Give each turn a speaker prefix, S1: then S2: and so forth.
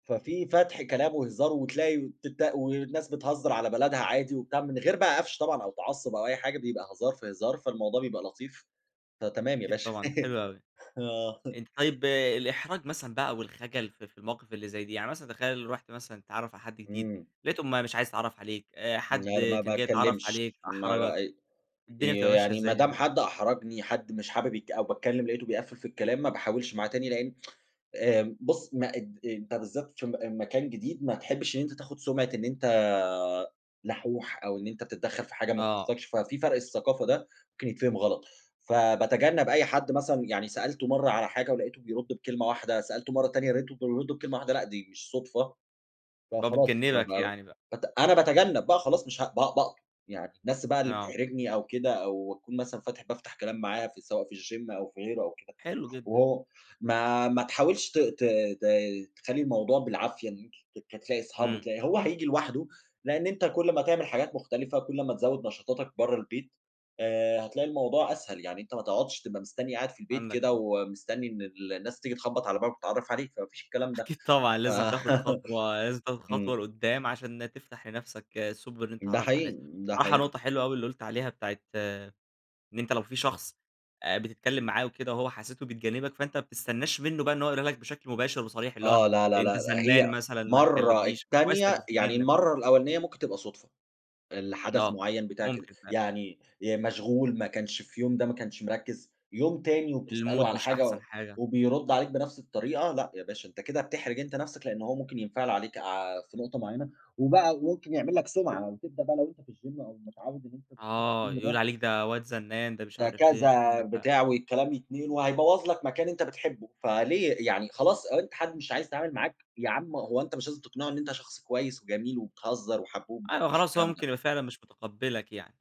S1: ففي فتح كلام وهزار وتلاقي وتب والناس بتهزر على بلدها عادي وبتاع، من غير بقى قفش طبعًا أو تعصب أو أي حاجة بيبقى هزار في هزار، فالموضوع بيبقى لطيف، فتمام يا
S2: أكيد
S1: باشا.
S2: طبعًا ده حلو أوي.
S1: آه.
S2: أنت طيّب الإحراج مثلًا بقى والخجل في في المواقف اللي زي دي. يعني مثلًا تخيّل رُحت مثلًا تتعرف على حد جديد،
S1: إمم.
S2: لقيته ما مش عايز يتعرف عليك، حد
S1: لا ل ما
S2: كان جاي يتعرف
S1: باتكلمش،
S2: عليك،
S1: ما
S2: أحرجك.
S1: ب
S2: الدنيا
S1: ي
S2: بتبقى ماشية
S1: يعني ما
S2: إزاي
S1: دام
S2: هنا؟
S1: حد أحرجني، حد مش حابب يت أو باتكلم لقيته بيقفل في الكلام ما باحاولش معاه تاني، لإن آمم، بُص ما أن أنت بالذات عشان م مكان جديد ما تحبش إن أنت تاخد سُمعِة إن أنت لحوح أو إن أنت بتدخل في حاجة ما
S2: آه.
S1: تخصكش، ففي فرق الثقافة ده ممكن يتفهم غلط. فباتجنب أي حد مثلًا يعني سألته مرّة على حاجة ولقيته بيرد بكلمة واحدة، سألته مرّة تانية لقيته برضو بيرد بكلمة واحدة لأ، دي مش صدفة.
S2: ب
S1: فخلاص
S2: بتجنبك
S1: ببق
S2: يعني بقى.
S1: بت أنا باتجنب بقى خلاص مش هب ب باقطم، يعني الناس بقى اللي
S2: آه.
S1: بتحرجني أو كده أو أكون مثلًا فاتح بافتح كلام معاها سواء في الgym أو في غيره أو كده،
S2: حلو جدًا.
S1: وهو ما ما تحاولش ت ت ت تخلي الموضوع بالعافية إن أنت تت تلاقي أصحاب
S2: إمم.
S1: وتلاقي هو هييجي لوحده، لإن أنت كل ما هتعمل حاجات مختلفة، كل ما تزود نشاطاتك برّه البيت آآ، هتلاقي الموضوع أسهل. يعني أنت ما تقعدش تبقى مستنّي قاعد في البيت
S2: عندك
S1: كده
S2: حق.
S1: ومستنّي إن ال الناس تييجي تخبط على بابك وتتعرف عليك، فما فيش الكلام ده.
S2: أكيد طبعًا،
S1: ف
S2: لازم تاخد خطوة، لازم تاخد
S1: إمم.
S2: خطوة لقدام عشان تفتح لنفسك سُبل إن أنت
S1: ده
S2: تتعرف على الناس.
S1: حقيقي، ده
S2: بصراحة
S1: حقيقي.
S2: نقطة حلوة أوي اللي قُلت عليها، بتاعة إن أنت لو في شخص آآ، بتتكلّم معاه وكده وهو حسيته بيتجنبك فأنت ما بتستناش منّه بقى إن هو يقولها لك بشكل مباشر وصريح، اللي هو
S1: آه، لا، لا،
S2: أنت
S1: لا،
S2: زنان
S1: هي
S2: مثلًا، ما
S1: مرّة،
S2: تكلمنيش. فكويس إنّك
S1: التانية يعني
S2: بتتجنب.
S1: المرّة الأولانية ممكن تبقى صدفة، الحدث
S2: آه،
S1: معيّن بتاع كده،
S2: ممكن فعلًا.
S1: يعني آآ، مشغول ما كانش في يوم ده ما كانش مركز، يوم تاني وبتسأله
S2: المود
S1: على
S2: مش
S1: حاجة
S2: أحسن حاجة.
S1: وبيرد عليك بنفس الطريقة، لأ يا باشا، أنت كده بتحرج أنت نفسك لإن هو ممكن ينفعل عليك ع في نقطة معيّنة، وبقى وممكن يعمل لك سُمعَة. وتبدأ بقى لو أنت في الgym أو متعوّد إن أنت بتروح
S2: آه،
S1: الgym
S2: يقول
S1: ده
S2: عليك ده واد زنان، ده مش
S1: ده
S2: عارف إيه،
S1: كذا،
S2: عندك حق.
S1: بتاع والكلام يتنقل وهيبوظ لك مكان أنت بتحبه، فليه، يعني خلاص أنت حد مش عايز يتعامل معاك، يا عم هو أنت مش لازم تقنعه إن أنت شخص كويّس وجميل وبتهزّر وحبوب، ما
S2: أيوه
S1: فيش
S2: خلاص، هو
S1: الكلام
S2: ممكن
S1: ده.
S2: يبقى فعلًا مش متقبلك يعني.